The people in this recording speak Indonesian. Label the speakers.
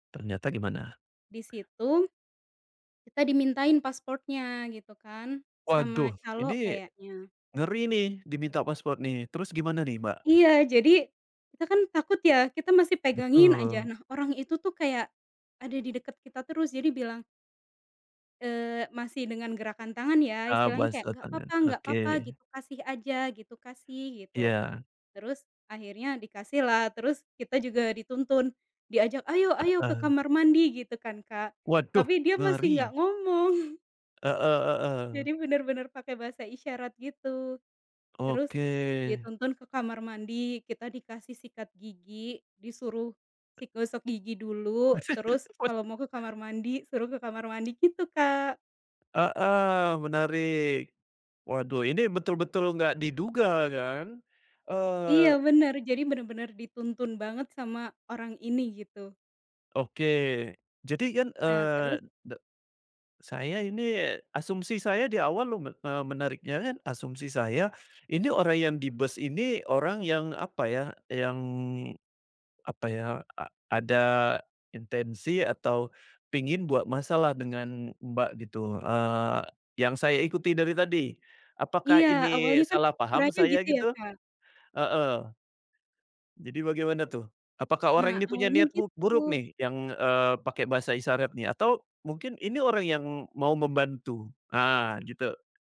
Speaker 1: Ternyata gimana?
Speaker 2: Di situ, kita dimintain paspornya gitu kan, sama
Speaker 1: Waduh!
Speaker 2: calo
Speaker 1: Ini
Speaker 2: kayaknya.
Speaker 1: ngeri nih, diminta paspor nih. Terus gimana nih, Mbak?
Speaker 2: Iya, jadi, kita kan takut ya, kita masih pegangin saja.
Speaker 1: Betul.
Speaker 2: Nah, orang itu tuh kayak, ada di deket kita terus jadi bilang eee, masih dengan gerakan tangan ya,
Speaker 1: Eee,
Speaker 2: istilahnya
Speaker 1: buas
Speaker 2: kayak, "Enggak
Speaker 1: tantangan,
Speaker 2: apa-apa enggak apa-apa,"
Speaker 1: oke.
Speaker 2: gitu, "kasih aja," gitu, "kasih," gitu.
Speaker 1: Iya.
Speaker 2: Terus akhirnya dikasih lah, terus kita juga dituntun. Diajak, "Ayo, ayo, ke
Speaker 1: Heeh.
Speaker 2: kamar mandi," gitu kan, Kak.
Speaker 1: Waduh,
Speaker 2: Tapi dia masih
Speaker 1: ngeri!
Speaker 2: enggak ngomong.
Speaker 1: Heeh heeh.
Speaker 2: Jadi benar benar pakai bahasa isyarat gitu. Terus,
Speaker 1: Oke.
Speaker 2: dituntun ke kamar mandi, kita dikasih sikat gigi. Disuruh si gosok gigi dulu, terus
Speaker 1: Weh
Speaker 2: kalau mau ke kamar mandi, suruh ke kamar mandi, gitu Kak.
Speaker 1: Heeh, menarik. Waduh ini betul betul enggak diduga kan,
Speaker 2: Iya
Speaker 1: eee
Speaker 2: benar, jadi benar-benar dituntun banget sama orang ini, gitu.
Speaker 1: Oke. Jadi kan,
Speaker 2: Nah, terus
Speaker 1: eee, de saya ini, asumsi saya di awal lume eee, menariknya kan asumsi saya, ini orang yang di bus ini, orang yang apa ya, yang apa ya, a ada intensi atau pingin buat masalah dengan, Mbak, gitu, eee, yang saya ikuti dari tadi. Apakah
Speaker 2: Iya,
Speaker 1: ini
Speaker 2: awalnya kan
Speaker 1: salah paham
Speaker 2: ukurannya
Speaker 1: saya
Speaker 2: gitu ya,
Speaker 1: gitu?
Speaker 2: Kak.
Speaker 1: Heeh. Jadi bagaimana tuh? Apakah orang
Speaker 2: Nah,
Speaker 1: ini punya
Speaker 2: awalnya
Speaker 1: niat bu buruk
Speaker 2: gitu.
Speaker 1: nih yang, eee, pakai bahasa isyarat nih, atau mungkin ini orang yang mau membantu? Ah, gitu.